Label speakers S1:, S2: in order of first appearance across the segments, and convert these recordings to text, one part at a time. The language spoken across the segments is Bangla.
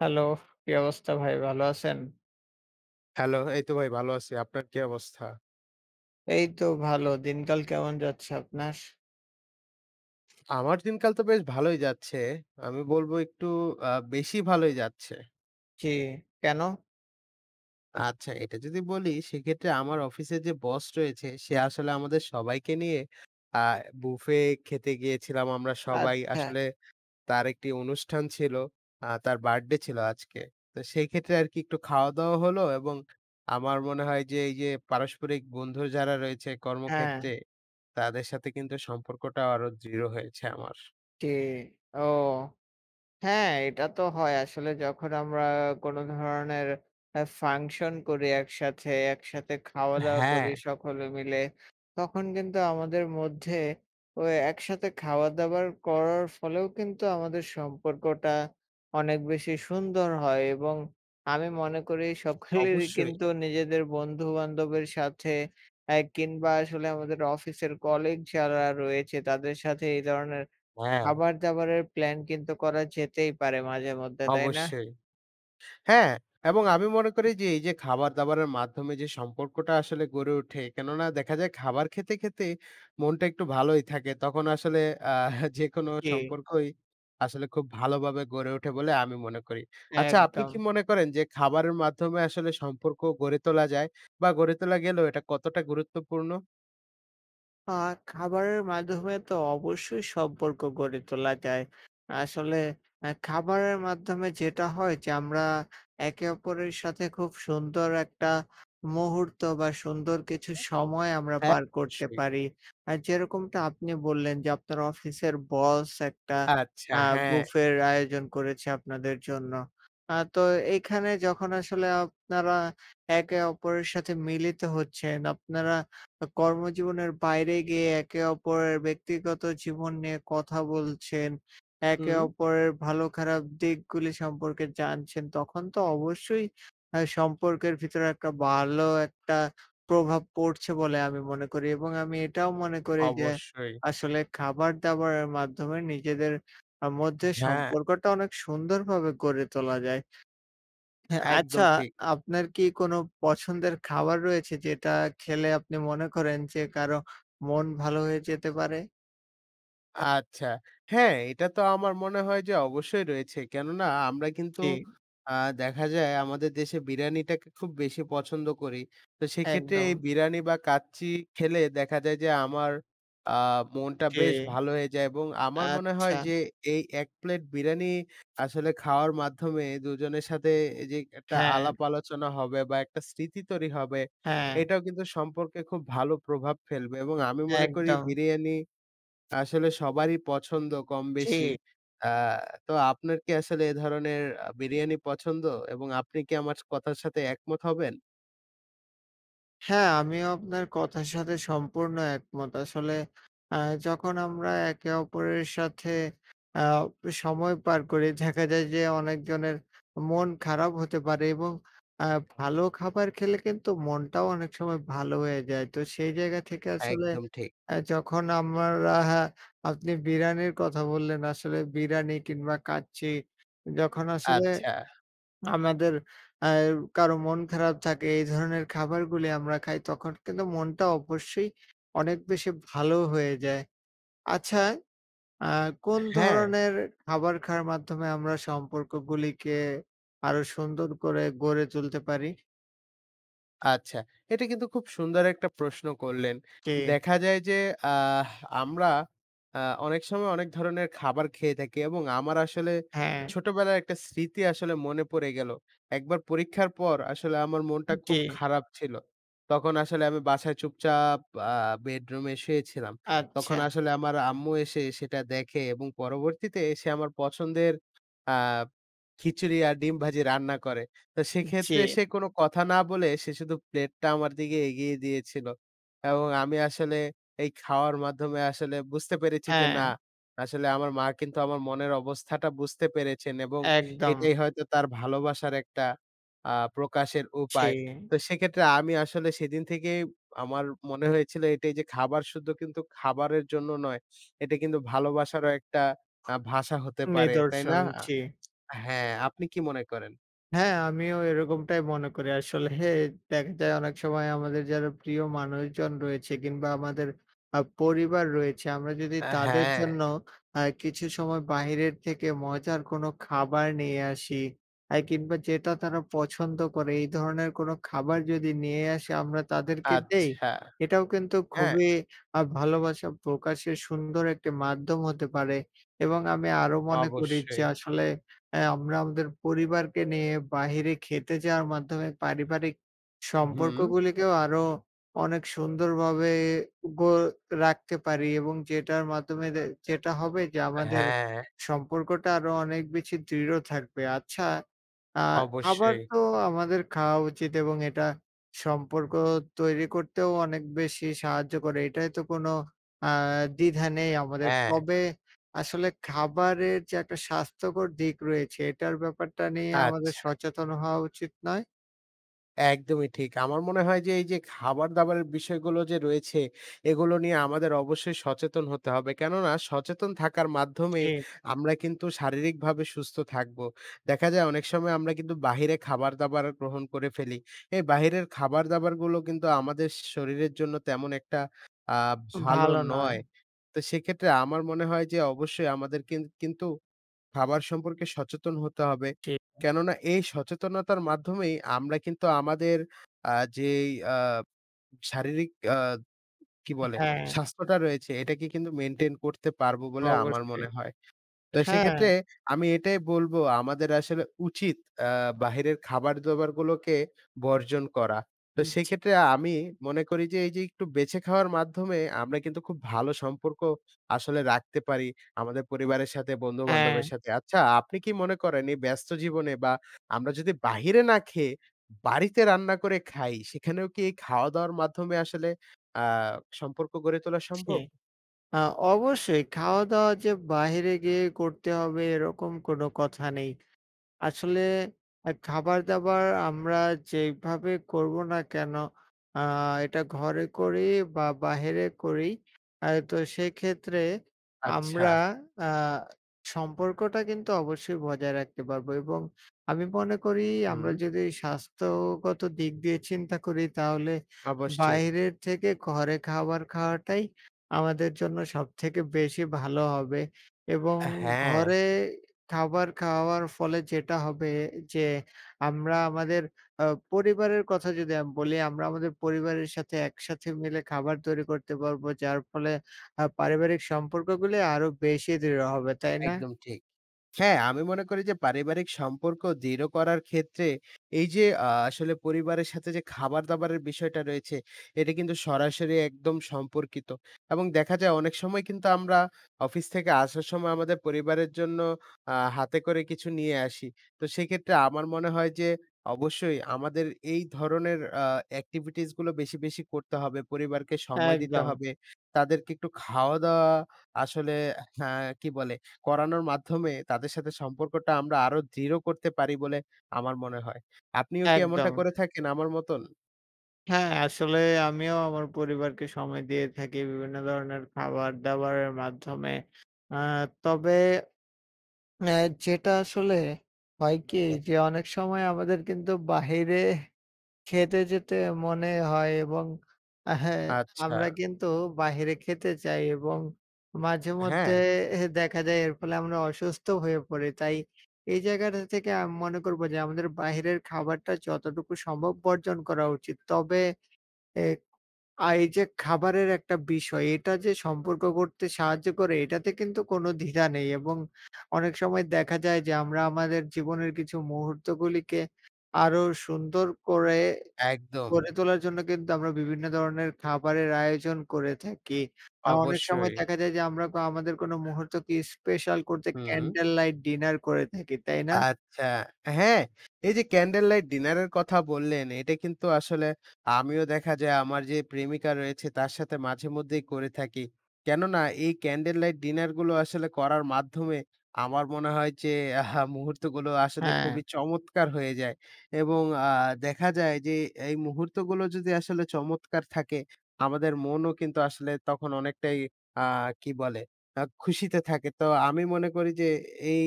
S1: হ্যালো! কি অবস্থা ভাই ভালো আছেন?
S2: হ্যালো! এই তো ভাই ভালো আছি। আপনার কি অবস্থা?
S1: এই তো ভালো। দিনকাল কেমন যাচ্ছে আপনার?
S2: আমার দিনকাল তো বেশ ভালোই যাচ্ছে। আমি বলবো, "একটু আ বেশি ভালোই যাচ্ছে!"
S1: জি, কেন?
S2: আচ্ছা এটা যদি বলি, সেক্ষেত্রে আমার অফিসে যে বস রয়েছে, সে আসলে আমাদের সবাইকে নিয়ে আ বুফে খেতে গিয়েছিলাম আমরা সবাই
S1: আচ্ছা।
S2: আসলে, তার একটি অনুষ্ঠান ছিল। আ তার বার্থডে ছিল আজকে। তো সেই ক্ষেত্রে আরকি একটু খাওয়া-দাওয়া হলো এবং আমার মনে হয় যে এই যে পারস্পরিক বন্ধু যারা রয়েছে
S1: হ্যাঁ।
S2: কর্মক্ষেত্রে, তাদের সাথে কিন্তু সম্পর্কটা আরো দৃঢ় হয়েছে আমার।
S1: জি, ও! হ্যাঁ এটা তো হয় আসলে যখন আমরা কোন ধরনের আ ফাংশন করি একসাথে, একসাথে
S2: আ
S1: খাওয়া-দাওয়া
S2: হ্যাঁ।
S1: করি সকলে মিলে। তখন কিন্তু আমাদের মধ্যে ও একসাথে খাবার-দাবার করার ফলেও কিন্তু আমাদের সম্পর্কটা অনেক বেশি সুন্দর হয় এবং আমি মনে করি সকলেরই
S2: অবশ্যই!
S1: কিন্তু নিজেদের বন্ধু-বান্ধবের সাথে অ্যা কিংবা আসলে আমাদের অফিসের কলিগ যারা রয়েছে তাদের সাথে এই ধরনের
S2: [unintelligible]
S1: খাবার-দাবারের প্ল্যান কিন্তু করা যেতেই পারে মাঝেমধ্যে তাই না?
S2: অবশ্যই। হ্যাঁ! এবং আমি মনে করি যে এই যে খাবার-দাবারের মাধ্যমে যে সম্পর্কটা আসলে গড়ে ওঠে। কেননা দেখা যায় খাবার খেতে, খেতে মনটা একটু ভালোই থাকে। তখন আসলে আ যেকোনো
S1: জি।
S2: সম্পর্কই আসলে খুব ভালোভাবে গড়ে ওঠে বলে আমি মনে করি। আচ্ছা আপনি কি
S1: একদম।
S2: মনে করেন যে, খাবারের মাধ্যমে আসলে সম্পর্ক গড়ে তোলা যায় বা গড়ে তোলা গেলেও এটা কতটা গুরুত্বপূর্ণ?
S1: আ খাবারের মাধ্যমে তো অবশ্যই সম্পর্ক গড়ে তোলা যায়। আসলে এ খাবারের মাধ্যমে যেটা হয় যে, আমরা একে অপরের সাথে খুব সুন্দর একটা মুহূর্ত বা সুন্দর কিছু সময় আমরা
S2: হ্যাঁ
S1: পার করতে
S2: অবশ্যই।
S1: পারি। আ যেরকমটা আপনি বললেন যে, আপনার অফিসের বস একটা
S2: আচ্ছা,
S1: আ
S2: হ্যাঁ।
S1: বুফের আয়োজন করেছে আপনাদের জন্য। আ তো এইখানে যখন আসলে আপনারা, একে অপরের সাথে মিলিত হচ্ছেন, আপনারা আ কর্মজীবনের বাইরে গিয়ে একে অপরের ব্যক্তিগত জীবন নিয়ে কথা বলছেন, একে
S2: হুম।
S1: অপরের ভালো খারাপ দিকগুলি সম্পর্কে জানছেন তখন তো অবশ্যই আ সম্পর্কের ভিতরে একটা ভালো একটা প্রভাব পড়ছে বলে আমি মনে করি এবং আমি এটাও মনে করি যে,
S2: অবশ্যই।
S1: আসলে খাবার-দাবারের মাধ্যমে নিজেদের আ মধ্যে
S2: হ্যাঁ।
S1: সম্পর্কটা অনেক সুন্দরভাবে গড়ে তোলা যায়। হ্যাঁ আচ্ছা,
S2: একদম ঠিক।
S1: আপনার কি কোন পছন্দের খাবার রয়েছে? যেটা খেলে আপনি মনে করেন, যে কারো মন ভালো হয়ে যেতে পারে?
S2: আচ্ছা, হ্যাঁ, এইটা তো আমার মনে হয় যে অবশ্যই রয়েছে। কেননা আমরা কিন্তু
S1: জি।
S2: আ দেখা যায়, আমাদের দেশে বিরিয়ানিটাকে খুব বেশি পছন্দ করি। তো সেইক্ষেত্রে এই
S1: একদম।
S2: বিরিয়ানি বা কাচ্চি খেলে দেখা যায় যে, আমার আ মনটা
S1: জি।
S2: বেশ ভালো হয়ে যায়, এবং আমার মনে
S1: আচ্ছা।
S2: হয় যে, এই ১ প্লেট বিরিয়ানি আসলে খাওয়ার মাধ্যমে দুজনের সাথে এইযে একটা
S1: হ্যাঁ।
S2: আলাপ-আলোচনা হবে, বা একটা স্মৃতি তৈরি হবে
S1: হ্যাঁ।
S2: এইটাও কিন্তু সম্পর্কে খুব ভালো প্রভাব ফেলবে। এবং আমি মনে করি
S1: একদম।
S2: বিরিয়ানি আসলে সবারই পছন্দ কম বেশি।
S1: জি।
S2: আ তো আপনার কি আসলে এধরনের আ বিরিয়ানি পছন্দ? এবং আপনি কি আমার স কথার সাথে একমত হবেন?
S1: হ্যাঁ, আমিও আপনার কথার সাথে সম্পূর্ণ একমত। আসলে আ যখন আমরা একে অপরের সাথে আ প সময় পার করি, দেখা যায় যে, অনেকজনের মন খারাপ হতে পারে এবং অ্যা ভালো খাবার খেলে কিন্তু মনটাও অনেক সময় ভালো হয়ে যায়। তো সেই জায়গা থেকে আসলে
S2: একদম ঠিক।
S1: অ্যা যখন আমরা হ্যাঁ, আপনি বিরিয়ানির কথা বললেন। আসলে বিরিয়ানি কিংবা কাচ্চি যখন আসলে
S2: আচ্ছা।
S1: আমাদের অ্যা কারো মন খারাপ থাকে, এই ধরনের খাবারগুলি আমরা খাই, তখন কিন্তু মনটা অবশ্যই অনেক বেশি ভালোও হয়ে যায়। আচ্ছা, আ
S2: আ
S1: কোন
S2: হ্যাঁ।
S1: ধরনের খাবার খাওয়ার মাধ্যমে, আমরা সম্পর্কগুলিকে আরো সুন্দর করে গড়ে তুলতে পারি?
S2: আচ্ছা, এটা কিন্তু খুব সুন্দর একটা প্রশ্ন করলেন।
S1: জি।
S2: দেখা যায় যে, আ আমরা আ অনেক সময় অনেক ধরনের খাবার খেয়ে থাকি এবং আমার আসলে
S1: হ্যাঁ।
S2: ছোটবেলার একটা স্মৃতি আসলে মনে পড়ে গেল। একবার পরীক্ষার পর আসলে আমার মনটা
S1: জি।
S2: খুব খারাপ ছিল। তখন আসলে আমি বাসায় চুপচাপ আ বেডরুমে শুয়েছিলাম। তখন
S1: আচ্ছা।
S2: আসলে আমার আম্মু এসে সেটা দেখে এবং পরবর্তীতে সে আমার পছন্দের আ খিচুড়ি আর ডিম ভাজি রান্না করে। তো
S1: জি।
S2: সেক্ষেত্রে সে কোনো কথা না বলে সে শুধু প্লেটটা আমার দিকে এগিয়ে দিয়েছিল এবং আমি আসলে এই খাওয়ার মাধ্যমে আসলে বুঝতে পেরেছি যে না,
S1: হ্যাঁ।
S2: আসলে আমার মা কিন্তু আমার মনের অবস্থাটা বুঝতে পেরেছেন এবং
S1: একদম।
S2: এটাই হয়তো তার ভালোবাসার একটা আ প্রকাশের উপায়।
S1: জি।
S2: তো সেইক্ষেত্রে আমি আসলে সেদিন থেকেই আমার মনে হয়েছিল এটাই যে খাবার শুধু কিন্তু খাবারের জন্য নয়। এটা কিন্তু ভালোবাসারও একটা আ ভাষা হতে পারে। তাই না?
S1: নিদর্শন,
S2: আ
S1: জি।
S2: আ হ্যাঁ, আপনি কি মনে করেন?
S1: হ্যাঁ, আমিও এরকমটাই মনে করি। আসলে দেখা যায়, অনেক সময় আমাদের যারা প্রিয় মানুষজন রয়েছে কিংবা আমাদের আ পরিবার রয়েছে আমরা যদি
S2: আ
S1: তাদের
S2: হ্যাঁ।
S1: জন্য আ কিছু সময় বাহিরের থেকে মজার কোনো খাবার নিয়ে আসি এ কিংবা যেটা তারা পছন্দ করে এই ধরনের কোনো খাবার যদি নিয়ে আসি আমরা তাদেরকে দেই
S2: আচ্ছা,
S1: এটাও কিন্তু
S2: হ্যাঁ।
S1: খুবই আ ভালোবাসা প্রকাশের সুন্দর একটি মাধ্যম হতে পারে এবং আমি আরও মনে করি যে
S2: অবশ্যই।
S1: আসলে অ্যা আমরা আমাদের পরিবারকে নিয়ে বাহিরে খেতে যাওয়ার মাধ্যমে পারিবারিক
S2: হুম।
S1: সম্পর্কগুলিকেও আরো অনেক সুন্দরভাবে গ রাখতে পারি এবং যেটার মাধ্যমে যেটা হবে যে আমাদের
S2: হ্যাঁ।
S1: সম্পর্কটা আরও অনেক বেশি দৃঢ় থাকবে। আচ্ছা, আ খাবার
S2: অবশ্যই।
S1: তো আমাদের খাওয়া উচিত এবং এটা সম্পর্ক তৈরি করতেও অনেক বেশি সাহায্য করে। এটাই তো কোনো আ দ্বিধা নেই আমাদের।
S2: হ্যাঁ।
S1: তবে আসলে খাবারের যে একটা স্বাস্থ্যকর দিক রয়েছে এটার ব্যাপারটা নিয়ে আমাদের
S2: আচ্ছা।
S1: সচেতন হওয়া উচিত নয়?
S2: একদমই ঠিক। আমার মনে হয় যে এই যে খাবার-দাবারের বিষয়গুলো যে রয়েছে এগুলো নিয়ে আমাদের অবশ্যই সচেতন হতে হবে, কেননা সচেতন থাকার মাধ্যমেই
S1: ঠিক।
S2: আমরা কিন্তু শারীরিকভাবে সুস্থ থাকবো। দেখা যায় অনেক সময় আমরা কিন্তু বাহিরে খাবার-দাবার গ্রহণ করে ফেলি। এই বাহিরের খাবার-দাবারগুলো কিন্তু আমাদের শরীরের জন্য তেমন একটা আ ভালো
S1: ভালো নয়।
S2: নয়। তো সেক্ষেত্রে আমার মনে হয় যে অবশ্যই আমাদের কিন কিন্তু খাবার সম্পর্কে সচেতন হতে হবে।
S1: ঠিক।
S2: কেননা এই সচেতনতার মাধ্যমেই আমরা কিন্তু আমাদের আ যেই আ শারীরিক, আ কি বলে,
S1: হ্যাঁ।
S2: স্বাস্থ্যটা রয়েছে এটাকে কিন্তু মেইনটেইন করতে পারব বলে আমার
S1: অবশ্যই।
S2: মনে হয়। তো
S1: হ্যাঁ।
S2: সেক্ষেত্রে আমি এটাই বলব আমাদের আসলে উচিৎ আ বাহিরের খাবার-দাবার গুলোকে বর্জন করা। তো
S1: জি।
S2: সেক্ষেত্রে আমি মনে করি যে, এই যে একটু বেঁছে খাওয়ার মাধ্যমে আমরা কিন্তু খুব ভালো সম্পর্ক আসলে রাখতে পারি, আমাদের পরিবারের সাথে বন্ধু-বান্ধবের
S1: হ্যাঁ।
S2: সাথে। আচ্ছা আপনি কি মনে করেন এই ব্যস্ত জীবনে বা আমরা যদি বাহিরে না খেয়ে বাড়িতে রান্না করে খাই, সেখানেও কি এই খাওয়া-দাওয়ার মাধ্যমে আসলে আ সম্পর্ক গড়ে তোলা
S1: জি।
S2: সম্ভব?
S1: আ অবশ্যই, খাওয়া-দাওয়া যে বাহিরে গিয়ে করতে হবে এরকম কোনো কথা নেই। আসলে অ্যা খাবার-দাবার আমরা যেইভাবে করবো না কেন, আ এটা ঘরে করি বা বাহিরে করি আ তো সেক্ষেত্রে আমরা
S2: আচ্ছা।
S1: আ সম্পর্কটা কিন্তু অবশ্যই বজায় রাখতে পারবো। এবং আমি মনে করি আমরা
S2: হুম।
S1: যদি স্বাস্থ্যগত দিক দিয়ে চিন্তা করি তাহলে
S2: অবশ্যই।
S1: বাইরের থেকে ঘরে খাবার খাওয়াটাই আমাদের জন্য সবথেকে বেশি ভালো হবে। এবং
S2: হ্যাঁ।
S1: ঘরে খাবার খাওয়ার ফলে যেটা হবে। যে আমরা আমাদের আ পরিবারের কথা যদি আম বলি আমরা আমাদের পরিবারের সাথে একসাথে মিলে খাবার তৈরি করতে পারবো যার ফলে আ পারিবারিক সম্পর্কগুলি আরও বেশি দৃঢ় হবে, তাই না?
S2: একদম ঠিক। হ্যাঁ, আমি মনে করি যে পারিবারিক সম্পর্ক দৃঢ় করার ক্ষেত্রে এই যে আ আসলে পরিবারের সাথে যে খাবার-দাবারের বিষয়টা রয়েছে এটা কিন্তু সরাসরি একদম সম্পর্কিত। এবং দেখা যায় অনেক সময় কিন্তু আমরা অফিস থেকে আসার সময় আমাদের পরিবারের জন্য আ হাতে করে কিছু নিয়ে আসি। তো সেক্ষেত্রে আমার মনে হয় যে অবশ্যই আমাদের এই ধরনের আ অ্যাক্টিভিটিসগুলো বেশি, বেশি, করতে হবে, পরিবারকে সময় দিতে
S1: একদম।
S2: হবে, তাদেরকে একটু খাওয়া-দাওয়া আসলে হ্যাঁ, কি বলে করানোর মাধ্যমে তাদের সাথে সম্পর্কটা আমরা আরও দৃঢ় করতে পারি বলে আমার মনে হয়। আপনিও কি এমনটা
S1: একদম।
S2: করে থাকেন আমার মতন?
S1: হ্যাঁ। আসলে আমিও আমার পরিবারকে সময় দিয়ে থাকি বিভিন্ন ধরনের খাবার-দাবারের মাধ্যমে। আ তবে আ যেটা আসলে হয় কি?
S2: [unintelligible]
S1: যে অনেক সময় আমাদের কিন্তু বাহিরে খেতে যেতে মনে হয় এবং আ হ্যাঁ
S2: আচ্ছা।
S1: আমরা কিন্তু বাহিরে খেতে চাই এবং মাঝে মধ্যে
S2: হ্যাঁ।
S1: এহ দেখা যায় এর ফলে আমরা অসুস্থ হয়ে পড়ি, তাই এই জায়গাটা থেকে আমি মনে করবো যে আমাদের বাইরের খাবারটা যতটুকু সম্ভব বর্জন করা উচিত। তবে এ আ এই যে খাবারের একটা বিষয় এটা যে সম্পর্ক গড়তে সাহায্য করে এটাতে কিন্তু কোনো দ্বিধা নেই। এবং অনেক সময় দেখা যায় যে আমরা আমাদের জীবনের কিছু মুহূর্তগুলিকে আরো সুন্দর করে
S2: একদম।
S1: গড়ে তোলার জন্য কিন্তু আমরা বিভিন্ন ধরনের খাবারের আয়োজন করে থাকি। আর অনেক সময়
S2: অবশ্যই।
S1: দেখা যায় যে আমরা আমাদের কোন মুহূর্তকে স্পেশাল করতে
S2: হুম।
S1: ক্যান্ডেল লাইট ডিনার করে থাকি তাই না?
S2: আচ্ছা। হ্যাঁ, এই যে 'ক্যান্ডেল লাইট ডিনারের' কথা বললেন এটা কিন্তু আসলে আমিও দেখা যায় আমার যে প্রেমিকা রয়েছে তার সাথে মাঝেমধ্যেই করে থাকি। কেননা এই ক্যান্ডেল লাইট ডিনারগুলো আসলে করার মাধ্যমে আমার মনে হয় যে আহা! মুহূর্তগুলো আসলে
S1: হ্যাঁ।
S2: খুবই চমৎকার হয়ে যায়। এবং আ দেখা যায় যে, এ এই মুহূর্তগুলো যদি আসলে চমৎকার থাকে আমাদের মনও কিন্তু আসলে তখন অনেকটাই আ কি বলে? আ খুশিতে থাকে তো আমি মনে করি যে এই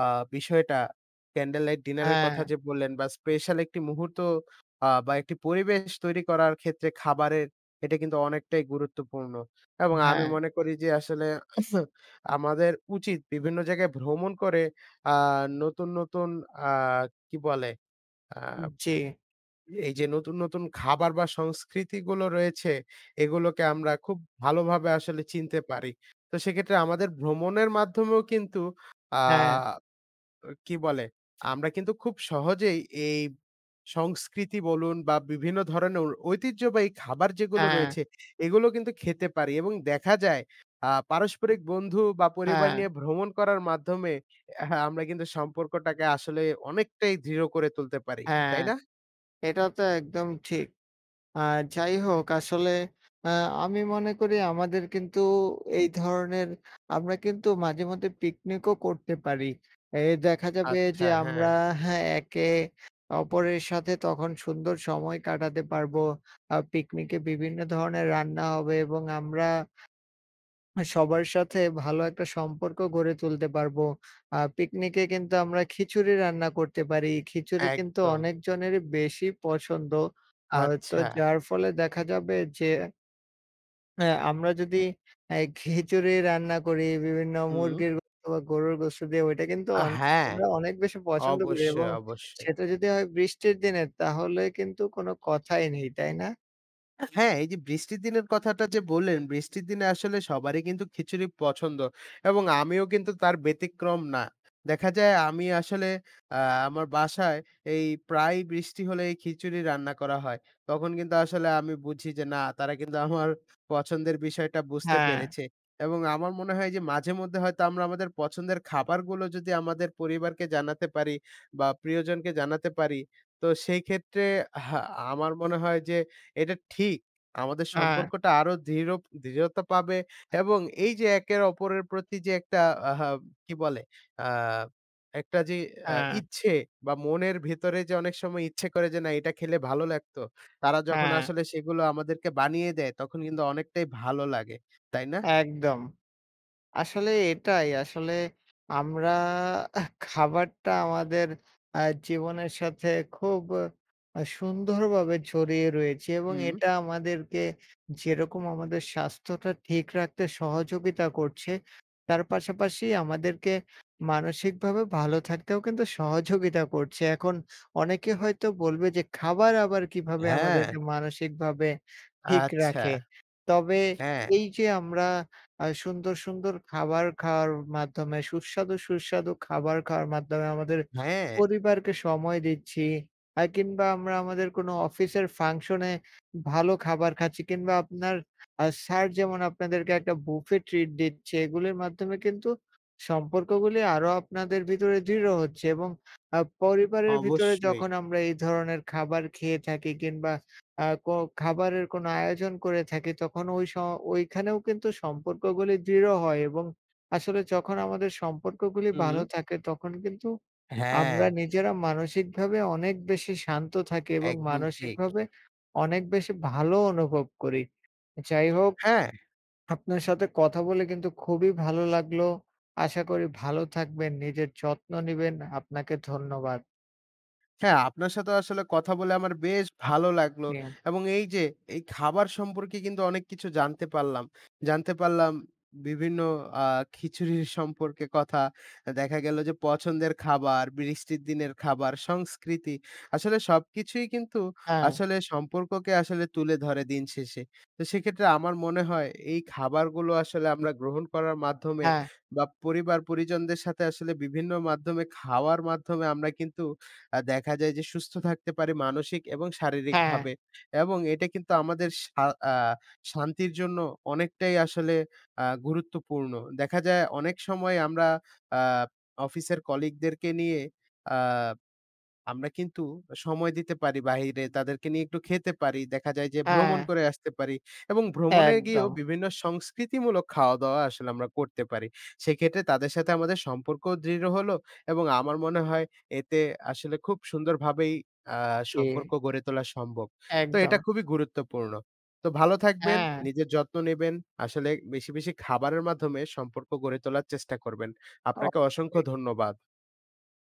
S2: আ বিষয়টা ক্যান্ডেল লাইট ডিনারের কথা
S1: হ্যাঁ।
S2: যে বললেন বা স্পেশাল একটি মুহূর্ত আ বা একটি পরিবেশ তৈরি করার ক্ষেত্রে খাবারের এটা কিন্তু অনেকটাই গুরুত্বপূর্ণ। এবং আমি
S1: হ্যাঁ।
S2: মনে করি যে আসলে আমাদের উচিত বিভিন্ন জায়গায় ভ্রমণ করে আ নতুন, নতুন, আ কি বলে? আ
S1: উ জি।
S2: এই যে নতুন, নতুন, খাবার বা সংস্কৃতিগুলো রয়েছে, এগুলোকে আমরা খুব ভালোভাবে আসলে চিনতে পারি। তো সেক্ষেত্রে আমাদের ভ্রমণের মাধ্যমেও কিন্তু আ
S1: হ্যাঁ।
S2: অ কি বলে? আমরা কিন্তু খুব সহজেই এই সংস্কৃতি বলুন বা বিভিন্ন ধরনের অ ঐতিহ্যবাহী খাবার যেগুলো
S1: হ্যাঁ।
S2: রয়েছে এগুলো কিন্তু খেতে পারি এবং দেখা যায় আ পারস্পরিক বন্ধু বা পরিবার
S1: হ্যাঁ।
S2: নিয়ে ভ্রমণ করার মাধ্যমে হা আমরা কিন্তু সম্পর্কটাকে আসলে অনেকটাই দৃঢ় করে তুলতে পারি।
S1: হ্যাঁ,
S2: তাই না?
S1: এটা তো একদম ঠিক। আ যাই হোক আসলে আ আমি মনে করি আমাদের কিন্তু এই ধরনের, আমরা কিন্তু মাঝে মধ্যে পিকনিকও করতে পারি। এই দেখা যাবে
S2: আচ্ছা
S1: যে
S2: হ্যাঁ।
S1: আমরা হ্যাঁ? একে অপরের সাথে তখন সুন্দর সময় কাটাতে পারবো আর পিকনিকে বিভিন্ন ধরনের রান্না হবে এবং আমরা সবার সাথে ভালো একটা সম্পর্ক গড়ে তুলতে পারবো। আ পিকনিকে কিন্তু আমরা খিচুড়ি রান্না করতে পারি। খিচুড়ি কিন্তু
S2: একদম।
S1: অনেকজনেরই বেশি পছন্দ আ তো
S2: আচ্ছা।
S1: যার ফলে দেখা যাবে যে হ্যাঁ, আমরা যদি এ খিচুড়ি রান্না করি বিভিন্ন
S2: হুম।
S1: মুরগির গোশত বা গরুর গোশত দিয়ে ওটা কিন্তু
S2: আ
S1: অন
S2: হ্যাঁ,
S1: [unintelligible] অনেক বেশি পছন্দ করি
S2: অবশ্যই,
S1: এবং
S2: অবশ্যই।
S1: সেটা যদি হয় বৃষ্টির দিনে তাহলে কিন্তু কোন কথাই নেই, তাই না?
S2: হ্যাঁ, এই যে বৃষ্টির দিনের কথাটা যে বললেন, বৃষ্টির দিনে আসলে সবারই কিন্তু খিচুড়ি পছন্দ, এবং আমিও কিন্তু তার ব্যতিক্রম না। দেখা যায় আমি আসলে অ্যা আমার বাসায় এই প্রায়ই বৃষ্টি হলে এই খিচুড়ি রান্না করা হয়। তখন কিন্তু আসলে আমি বুঝি যে না তারা কিন্তু আমার পছন্দের বিষয়টা বুঝতে
S1: হ্যাঁ।
S2: পেরেছে, এবং আমার মনে হয় যে মাঝে মধ্যে হয়তো আমরা আমাদের পছন্দের খাবারগুলো যদি আমাদের পরিবারকে জানাতে পারি, বা প্রিয়জনকে জানাতে পারি, তো সেই ক্ষেত্রে হ্যাঁ, আমার মনে হয় যে এটা ঠিক। আমাদের
S1: হ্যাঁ
S2: সম্পর্কটা আরো দৃঢ় দৃঢ়তা পাবে এবং এই যে একে অপরের প্রতি যে একটা আহা কি বলে? অ্যা একটা যে আ
S1: হ্যাঁ।
S2: ইচ্ছে, বা মনের ভিতরে যে অনেক সময় ইচ্ছে করে যে না এটা খেলে ভালো লাগতো। তারা যখন
S1: হ্যাঁ।
S2: আসলে সেগুলো আমাদেরকে বানিয়ে দেয়, তখন কিন্তু অনেকটাই ভালো লাগে। তাই না?
S1: একদম। আসলে এটাই আসলে আমরা এহ খাবারটা আমাদের অ্যা জীবনের সাথে খুব আ সুন্দরভাবে জড়িয়ে রয়েছে এবং
S2: হুম।
S1: এটা আমাদেরকে যেরকম আমাদের স্বাস্থ্যটা ঠিক রাখতে সহযোগিতা করছে, তার পাশাপাশি আমাদেরকে মানসিকভাবেও ভালো থাকতেও কিন্তু সহযোগিতা করছে। এখন অনেকে হয়তো বলবে যে খাবার আবার কিভাবে
S2: হ্যাঁ।
S1: আমাদেরকে মানসিকভাবে ঠিক
S2: আচ্ছা।
S1: রাখে? তবে
S2: হ্যাঁ।
S1: এই যে আমরা অ্যা সুন্দর, সুন্দর খাবার খাওয়ার মাধ্যমে, সুস্বাদু, সুস্বাদু খাবার খাওয়ার মাধ্যমে আমাদের
S2: হ্যাঁ।
S1: পরিবারকে সময় দিচ্ছি। আ কিংবা আমরা আমাদের কোনো অফিসের ফাংশন এ ভালো খাবার খাচ্ছি, কিংবা আপনার অ্যা স্যার যেমন আপনাদেরকে একটা বুফে ট্রিট দিচ্ছে। এগুলির মাধ্যমে কিন্তু সম্পর্কগুলি আরো আপনাদের ভিতরে দৃঢ় হচ্ছে। এবং অ্যা পরিবারের ভিতরে
S2: অবশ্যই।
S1: যখন আমরা এই ধরনের খাবার খেয়ে থাকি কিংবা অ্যা কো খাবারের কোনো আয়োজন করে থাকি তখন ঐ স ঐখানেও কিন্তু সম্পর্কগুলি দৃঢ় হয় এবং আসলে যখন আমাদের সম্পর্কগুলি ভালো
S2: হুম।
S1: থাকে, তখন কিন্তু আমরা
S2: হ্যাঁ।
S1: নিজেরা মানসিকভাবে অনেক বেশি শান্ত থাকি, এবং
S2: একদম ঠিক।
S1: মানসিকভাবে অনেক বেশি ভালো অনুভব করি। যাই হোক
S2: হ্যাঁ।
S1: আপনার সাথে কথা বলে কিন্তু খুবই ভালো লাগলো। আশা করি ভালো থাকবেন, নিজের যত্ন নিবেন, আপনাকে ধন্যবাদ।
S2: আচ্ছা, আপনার সাথেও আসলে কথা বলে আমার বেশ ভালো লাগলো
S1: হুম।
S2: এবং এই যে এই খাবার সম্পর্কে কিন্তু অনেক কিছু জানতে পারলাম। জানতে পারলাম বিভিন্ন আ খিচুড়ির সম্পর্কে কথা দেখা গেল যে পছন্দের খাবার, বৃষ্টির দিনের খাবার, সংস্কৃতি আসলে সবকিছুই কিন্তু
S1: হ্যাঁ।
S2: আসলে সম্পর্ককে আসলে তুলে ধরে দিন শেষে। তো সেক্ষেত্রে আমার মনে হয় এই খাবারগুলো আসলে আমরা গ্রহণ করার মাধ্যমে
S1: হ্যাঁ।
S2: বা পরিবার পরিজনদের সাথে আসলে বিভিন্ন মাধ্যমে খাওয়ার মাধ্যমে আমরা কিন্তু আ দেখা যায় যে সুস্থ থাকতে পারি মানসিক এবং
S1: হ্যাঁ।
S2: শারীরিকভাবে এবং এটা কিন্তু আমাদের শা আ শান্তির জন্য অনেকটাই আসলে আ গুরুত্বপূর্ণ। দেখা যায় অনেক সময় আমরা আ অফিসের কলিগদেরকে নিয়ে আ আমরা কিন্তু সময় দিতে পারি বাহিরে তাদেরকে নিয়ে একটু খেতে পারি। দেখা যায় যে ভ্রমণ
S1: হ্যাঁ।
S2: করে আসতে পারি। এবং ভ্রমণে গিয়েও
S1: একদম।
S2: বিভিন্ন সংস্কৃতিমূলক খাওয়া দাওয়া আসলে আমরা করতে পারি। সেক্ষেত্রে তাদের সাথে আমাদের সম্পর্ক দৃঢ় হলো এবং আমার মনে হয় এতে আসলে খুব সুন্দরভাবেই আ সম্পর্ক
S1: জি।
S2: গড়ে তোলা সম্ভব। তো
S1: একদম।
S2: এটা খুবই গুরুত্বপূর্ণ। তো ভালো থাকবেন,
S1: হ্যাঁ।
S2: নিজের যত্ন নিবেন। আসলে বেশি, বেশি খাবারের মাধ্যমে সম্পর্ক গড়ে তোলার চেষ্টা করবেন।
S1: ও
S2: আপনাকে
S1: জি।
S2: অসংখ্য ধন্যবাদ।